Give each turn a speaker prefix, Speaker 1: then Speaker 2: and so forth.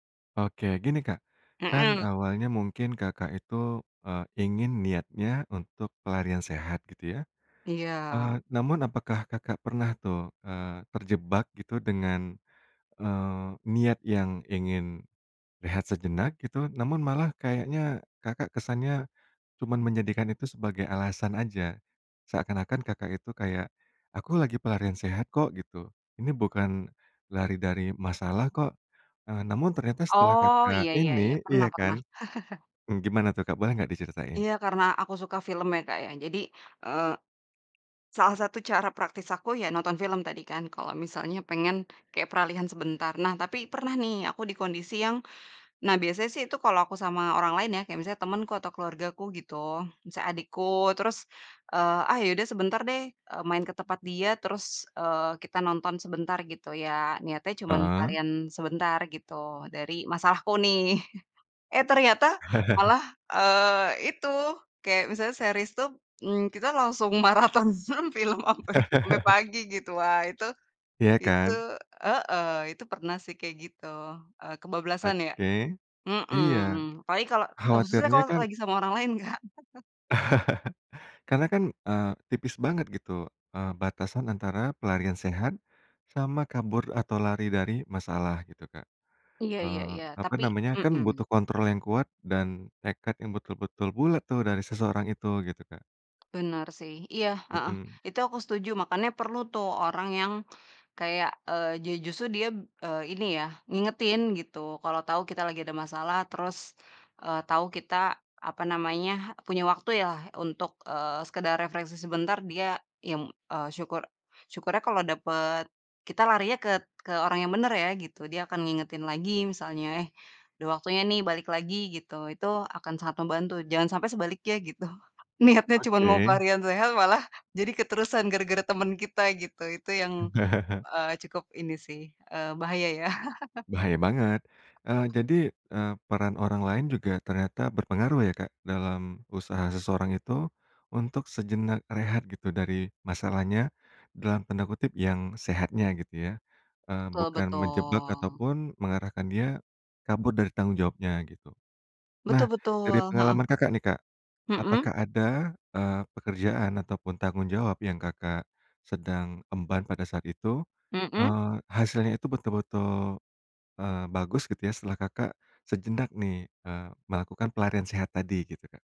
Speaker 1: Oke, gini, Kak, kan
Speaker 2: Mhm.
Speaker 1: awalnya mungkin Kakak itu, eee, ingin niatnya untuk pelarian sehat gitu ya? Eee,
Speaker 2: Iya.
Speaker 1: namun apakah Kakak pernah tuh, eee, terjebak gitu, dengan, eee, niat yang ingin rehat sejenak gitu, namun malah kayaknya Kakak kesannya cuman menjadikan itu sebagai alasan aja. Seakan-akan Kakak itu kayak, "Aku lagi pelarian sehat kok," gitu. "Ini bukan lari dari masalah kok," eee, namun ternyata setelah
Speaker 2: Oh, iya
Speaker 1: Kakak
Speaker 2: iya iya,
Speaker 1: ini
Speaker 2: pernah
Speaker 1: iya kan,
Speaker 2: pernah.
Speaker 1: mmm, gimana tuh, Kak, boleh nggak diceritain?
Speaker 2: Iya, karena aku suka film ya, Kak, ya, jadi, eee, salah satu cara praktis aku, ya nonton film tadi kan, kalau misalnya pengen kayak peralihan sebentar. Nah, tapi pernah nih, aku di kondisi yang nah biasanya sih itu kalau aku sama orang lain ya, kayak misalnya temenku atau keluargaku gitu, misalnya adikku, terus, eee, "Ah ya, udah sebentar deh, eee, main ke tempat dia, terus, eee, kita nonton sebentar," gitu ya, niatnya cuman
Speaker 1: Heeh.
Speaker 2: pelarian sebentar gitu, dari masalahku nih. Eh, ternyata malah, eee, itu, kayak misalnya series tuh, mmm, kita langsung maraton mhm, film sampai sampai pagi gitu. Wah, itu
Speaker 1: Iya
Speaker 2: itu
Speaker 1: kan?
Speaker 2: heeh, itu pernah sih kayak gitu. Eee, kebablasan ya,
Speaker 1: Oke, iya,
Speaker 2: mhm. Apalagi kalo, eee, maksudnya
Speaker 1: khawatirnya
Speaker 2: kalo
Speaker 1: kan
Speaker 2: lagi sama orang lain, Kak.
Speaker 1: Karena kan, eee, tipis banget gitu, eee, batasan antara pelarian sehat sama kabur atau lari dari masalah gitu, Kak.
Speaker 2: Iya iya
Speaker 1: Eee,
Speaker 2: iya.
Speaker 1: apa
Speaker 2: Tapi
Speaker 1: namanya, kan
Speaker 2: mhm.
Speaker 1: butuh kontrol yang kuat dan tekad yang betul-betul bulat tuh dari seseorang itu, gitu, Kak.
Speaker 2: Benar sih, iya, heeh.
Speaker 1: Mhm.
Speaker 2: Itu aku setuju, makanya perlu tuh orang yang kayak, eee, ju justru dia, eee, ini ya, ngingetin gitu, kalo tau kita lagi ada masalah, terus, eee, tau kita apa namanya, punya waktu yalah, untuk, eee, sekedar refreshing sebentar, dia yang eee, syukur syukurnya kalau dapet kita larinya ket ke orang yang bener ya, gitu. Dia akan ngingetin lagi misalnya, "Eh, udah waktunya nih, balik lagi," gitu, itu akan sangat membantu, jangan sampai sebaliknya gitu. Niatnya cuma mau
Speaker 1: Oke.
Speaker 2: pelarian sehat, malah jadi keterusan gara-gara temen kita gitu, itu yang, eee, cukup ini sih, eee, bahaya ya.
Speaker 1: Bahaya banget. Eee, jadi, eee, peran orang lain juga ternyata berpengaruh ya, Kak, dalam usaha seseorang itu untuk sejenak rehat gitu, dari masalahnya, dalam tanda kutip, "Yang sehatnya," gitu ya, eee,
Speaker 2: Betul
Speaker 1: bukan menjebak
Speaker 2: betul.
Speaker 1: ataupun mengarahkan dia kabur dari tanggung jawabnya, gitu.
Speaker 2: betul
Speaker 1: Nah,
Speaker 2: betul,
Speaker 1: dari
Speaker 2: heeh.
Speaker 1: pengalaman Kakak nih, Kak.
Speaker 2: Mhm.
Speaker 1: Apakah ada, eee, pekerjaan ataupun tanggung jawab yang Kakak sedang emban pada saat itu,
Speaker 2: Mhm.
Speaker 1: eee, hasilnya itu betul-betul, eee, bagus gitu ya, setelah Kakak sejenak nih, eee, melakukan pelarian sehat tadi, gitu, Kak?